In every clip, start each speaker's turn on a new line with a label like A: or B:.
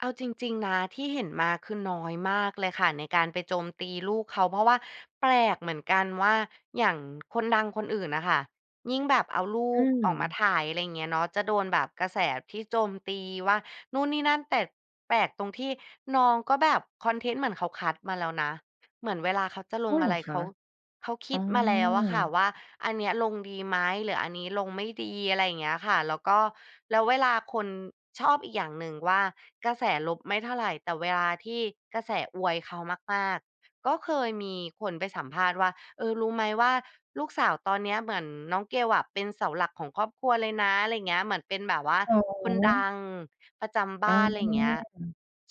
A: เอาจริง ๆ นะที่เห็นมา คือน้อยมากเลยค่ะ ในการไปโจมตีลูกเขา เพราะว่าแปลกเหมือนกันว่า อย่างคนดังคนอื่นอะค่ะ ยิ่งแบบเอาลู
B: อื
A: กออกมา
B: ม
A: ถ่าย อะไรอย่างเงี้ยเนาะ จะโดนแบบกระแสที่โจมตีว่านู่นนี่นั่น แต่แปลกตรงที่น้องก็แบบคอนเทนต์เหมือนเขาคัดมาแล้วนะ เหมือนเวลาเขาจะล
B: อ้า
A: ง
B: ว เหร
A: อะ
B: อ
A: ไร
B: ค
A: เข
B: ะ?
A: า เขาค
B: อ๋
A: ิ
B: อ
A: ดมาแล้วอะค่ะว่า อันนี้ลงดีไหม หรืออันนี้ลงไม่ดี อะไรอย่างเงี้ยค่ะ แล้วก็ แล้วเวลาคน ชอบอีกอย่างหนึ่งว่า กระแสลบไม่เท่าไร แต่เวลาที่กระแสอวยเขามาก ๆ ก็เคยมีคนไปสัมภาษณ์ว่า เออ รู้ไหมว่า "ลูกสาวตอนเนี้ย เหมือนน้องเกลอะเป็นเสาหลักของครอบครัวเลยนะ" อะไรอย่างเงี้ย เหมือนเป็นแบบว่า
B: อ๋
A: คนด
B: อ
A: ังประจำบ
B: อ๋
A: ้
B: อ
A: าน อะไรอย่างเงี้ย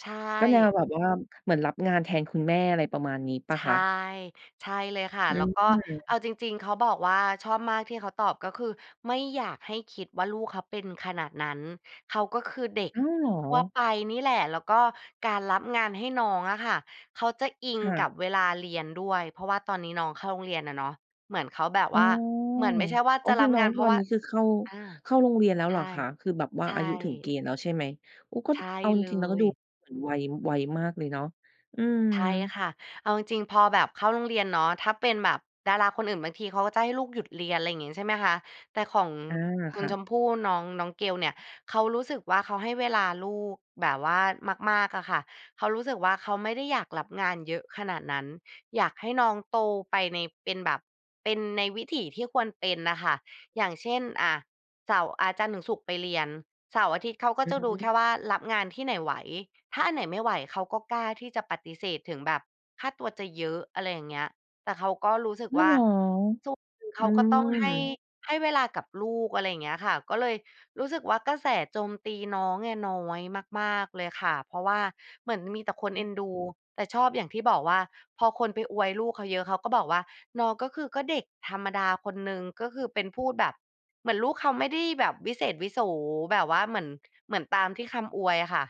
A: ใช
B: ก็แน
A: ่
B: วแบบว่าเหมือนรับงานแทนคุณแม่ อะไรประมาณนี้เปล่
A: ใช
B: าค
A: ่
B: ะ?
A: ใช่เลยค่ะ
B: อื
A: แล้วก็เอ
B: ม
A: าจริง ๆ เขาบอกว่า ชอบมากที่เขาตอบ ก็คือไม่อยากให้คิดว่าลูกเขาเป็นขนาดนั้น เขาก็คือเด็ก
B: อ้อ เหรอ?
A: ทั่วไปนี่แหละ แล้วก็การรับงานให้น้องอะค่ะ เขาจะอิง
B: ค่
A: กั
B: ะ
A: บเวลาเรียนด้วย เพราะว่าตอนนี้น้องเข้าโรงเรียนอะเนาะ เหมือนเขาแบบ
B: อ๋
A: ว
B: อ
A: ่าเหมือนไม่ใช่ว่า
B: โอ้
A: จะ
B: ค
A: ร
B: ื
A: ั
B: อ
A: บ
B: น้อ
A: งา
B: ง
A: น เพ
B: ต
A: รา
B: อ
A: ะ
B: น
A: ว่า
B: นี้ คือเข้า
A: อา
B: เข้าโรงเรียนแล้ว
A: ใช
B: เหร
A: ่
B: อคะ? คือแบบว่
A: ใ
B: า
A: ช
B: อายุถึงเ
A: ่
B: กณฑ์แล้วใช่ไหม? โอ้ ก็
A: ใช่
B: เอาจ
A: เล
B: ริง ๆ นะ ก็
A: ย
B: ดูเหมือนไว ไวมากเลยเนาะ อืม
A: ใช่ค่ะ เอาจริงพอแบบเข้าโรงเรียนเนาะ ถ้าเป็นแบบดาราคนอื่น บางทีเขาก็จะให้ลูกหยุดเรียน อะไรอย่างงี้ ใช่ไหมคะ แต่ของ
B: อา
A: คุ
B: ค
A: ณ
B: ่
A: ช
B: ะ
A: มพู่ น้อง น้องเกลเนี่ย เขารู้สึกว่า เขาให้เวลาลูกแบบว่ามาก ๆ อะค่ะ เขารู้สึกว่า เขาไม่ได้อยากรับงานเยอะขนาดนั้น อยากให้น้องโตไปใน เป็นแบบ เป็นในวิถีที่ควรเป็นอะค่ะ อย่างเช่น อา เสาร์ อ่า จันทร์ถึงศุกร์ไปเรียน เสาร์ อาทิตย์ เขาก็
B: อื
A: จะดูแค
B: ม
A: ่ว่ารับงานที่ไหนไหว ถ้าอันไหนไม่ไหว เขาก็กล้าที่จะปฏิเสธ ถึงแบบค่าตัวจะเยอะ อะไรอย่างเงี้ย แต่เขาก็รู้สึก
B: อ้า
A: ว
B: ว
A: ่
B: เห
A: า
B: รอ
A: ทุก คือเ
B: อ
A: ข
B: ื
A: าก็ ต้องให้
B: ม
A: ให้เวลากับลูก อะไรอย่างเงี้ยค่ะ ก็เลยรู้สึกว่า กระแสโจมตีน้องเนี่ยน้อยมาก ๆ เลยค่ะ เพราะว่า เหมือนมีแต่คน
B: อื
A: เอ็นดู
B: ม
A: แต่ชอบอย่างที่บอกว่า พอคนไปอวยลูกเขาเยอะ เขาก็บอกว่า น้องก็คือ ก็เด็กธรรมดาคนหนึ่ง ก็คือเป็นพูดแบบเหมือนลูกเขาไม่ได้แบบวิเศษวิโส แบบว่าเหมือน เหมือนตามที่คำอวยค่ะ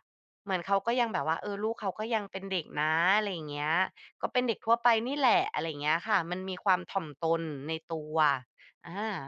A: เหมือนเขาก็ยังแบบว่า เออ ลูกเขาก็ยังเป็นเด็กนะ อะไรอย่างเงี้ย ก็เป็นเด็กทั่วไปนี่แหละ อะไรอย่างเงี้ยค่ะ มันมีความถ่อมตนในตัว อา